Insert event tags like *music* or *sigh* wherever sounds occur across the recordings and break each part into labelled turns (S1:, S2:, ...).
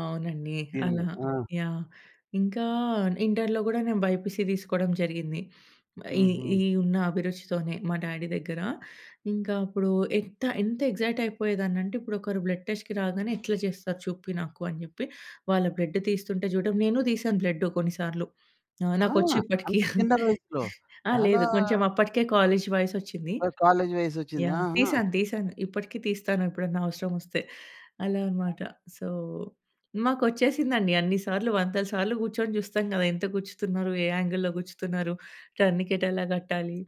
S1: అవునండి.
S2: దీని మీ
S1: అలా.
S2: ఆ!
S1: యాహ్! ఇంకా ఇంటరులో గూడా నేను బైపీసీ దీసుకోడం జరిగింది. *sniffs* ఈ
S2: హుహు.
S1: ఈ ఉన్న అభిరుచితోనే, మా డ్యాడీ దగ్గర. ఇంకా అప్పుడు ఎంత ఎంత ఎగ్జైట్ అయిపోయేదానంటే, ఇప్పుడు ఒకరు బ్లడ్ టెస్ట్‌కి రాగానే ఎట్లా జేస్తారు చూపి నాకు అని జెప్పి వాళ్ళ బ్లడ్ తీస్తుంటే చూడడం నేను తీసాను బ్లడ్ కొన్నిసార్లు. ఆ!
S2: ఆ!
S1: నాకొచ్చు *chuckles* ఇప్పడికి.
S2: అంత చిన్న వయసులో.
S1: ఆ
S2: చాలా
S1: లేదు కొంచెం అప్పటికే కాలేజ్ వయసోచ్చింది.
S2: ఓహ్! కాలేజ్ వయసోచ్చింది.
S1: యాహ్!
S2: ఆహా!
S1: తీసాను. తీసాను. ఇప్పటికే తీస్తాను ఎప్పుడన్నా అవసరం ఒస్తే. అలా
S2: ఆ!
S1: అన్నమాట. సో, మాకు ఒచ్చేసిందండి అన్ని సార్లు వందల సార్లు గూర్చొని జూస్తం గదా! ఎంత గుర్చుతున్నారు? ఏ యాంగిల్లో గుర్చుతున్నారు? టర్నికెట్ ఎలా గట్టాలి?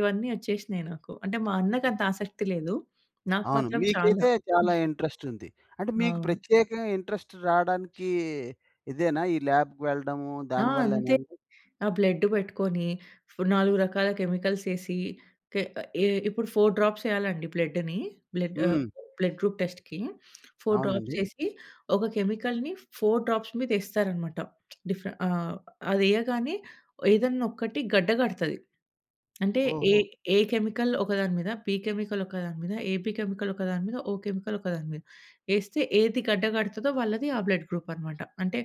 S1: ఇవన్నీ ఒచ్చేసినయి నాకు. అంటే మా అన్నకి అంత ఆసక్తి లేదు. నాకు
S2: అవును.
S1: మాత్రం చాలా.
S2: మీకైతే చాలా
S1: *chuckles*
S2: ఇంట్రెస్ట్ ఉంది. అంటే మీకు
S1: అవును.
S2: ప్రత్యేకంగా ఇంట్రెస్ట్ రావడానికి ఇదేనా ఈ ల్యాబ్‌కెళ్ళడము
S1: ఆ!
S2: దానివల్లేనా
S1: అంతే.
S2: అండి?
S1: ఆ బ్లడ్ పెట్టుకొని, నాలుగు రకాల కెమికల్స్ ఎసి, కే ఎ ఇప్పుడు 4 డ్రాప్స్ ఎయాలండి బ్లడ్‌ని. బ్లడ్ ఆహ్,
S2: హ్మ్.
S1: బ్లడ్ గ్రూప్ టెస్ట్‌కి. *sniffs* 4 డ్రాప్స్
S2: అవునండి.
S1: ఎసి, ఒక కెమికల్‌ని 4 డ్రాప్స్ మీద ఎస్తారు అన్నమాట. *smacks lips* డిఫ్ఫె ఆహ్, అదెయగానే ఏదైనా ఒకటి గడ్డ గడతది. అంటే ఎ
S2: ఓహో!
S1: ఎ కెమికల్ ఒకదాని మీద, బి కెమికల్ ఒకదాని మీద, ఎబి కెమికల్ ఒకదాని మీద ఓ కెమికల్ ఒకదాని మీద. ఎస్తే ఏది గడ్డ గడుతదో వాళ్ళది ఆ బ్లడ్ గ్రూప్ అన్నమాట. అంటే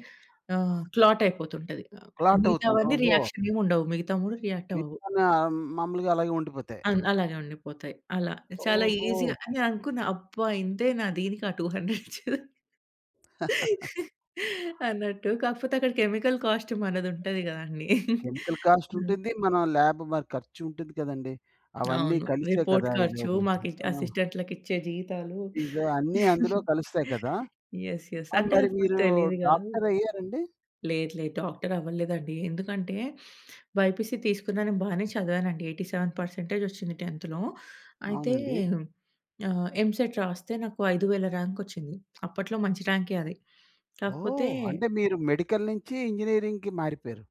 S1: ఆహ్, క్లాట్ అయిపోతుంటది.
S2: క్లాట్ అవుతుంది.
S1: మిగతావన్నీ
S2: ఓహో!
S1: రియాక్షన్ ఏం ఉండవు. మిగతా 3 రియాక్ట్ అవ్వవు.
S2: మిగితావన్ని మాములుగా అలాగే ఉండిపోతాయి.
S1: అన్ అలాగే ఉండిపోతాయి. అలా చాలా
S2: ఓహో!
S1: ఈజీగా అని అనుకున్నా అబ్బా! ఇంతేనా దీనికా 200 ఇచ్చేదని? *chuckles*
S2: *chuckles*
S1: అన్నట్టు కాకపోతే అక్కడ కెమికల్ కాస్ట్ మనది ఉంటది కదండీ. *chuckles*
S2: కెమికల్ కాస్ట్
S1: హ్మ్.
S2: ఉంటుంది. మన ల్యాబ్ మరి ఖర్చు ఉంటుంది కదండీ. అవన్నీ
S1: అవును.
S2: కలిసే
S1: రిపోర్ట్
S2: కదా ఇది
S1: ఖర్చు
S2: ఒక
S1: మాకిట్
S2: ఆ!
S1: అసిస్టెంటులకి ఇచ్చే జీతాలు.
S2: ఫీజు అన్నీ అందులో
S1: *giggles*
S2: కలుస్తాయి కదా!
S1: యెస్. యెస్.
S2: ఆ
S1: అంటే
S2: మరి
S1: అప్పుడు
S2: మీరు
S1: తెలీదు గాదు.
S2: డాక్టరయ్యారండి?
S1: లేదు. లేదు. డాక్టర్ అవ్వలేదండి. ఎందుకంటే, బైపీసీ తీసుకున్నా బానే చదివానండి. 87% ఒచ్చింది 10థ్‌లో అయితే
S2: అవునండి.
S1: ఆహ్, ఎంసెట్ రాస్తే నాకు 5000 ర్యాంక్ ఒచ్చింది అప్పట్లో మంచి ర్యాంకే అది. కాకపోతే
S2: ఓహ్! అంటే మీరు మెడికల్ నుంచి ఇంజినీరింగ్‌కి మారిపోయారు.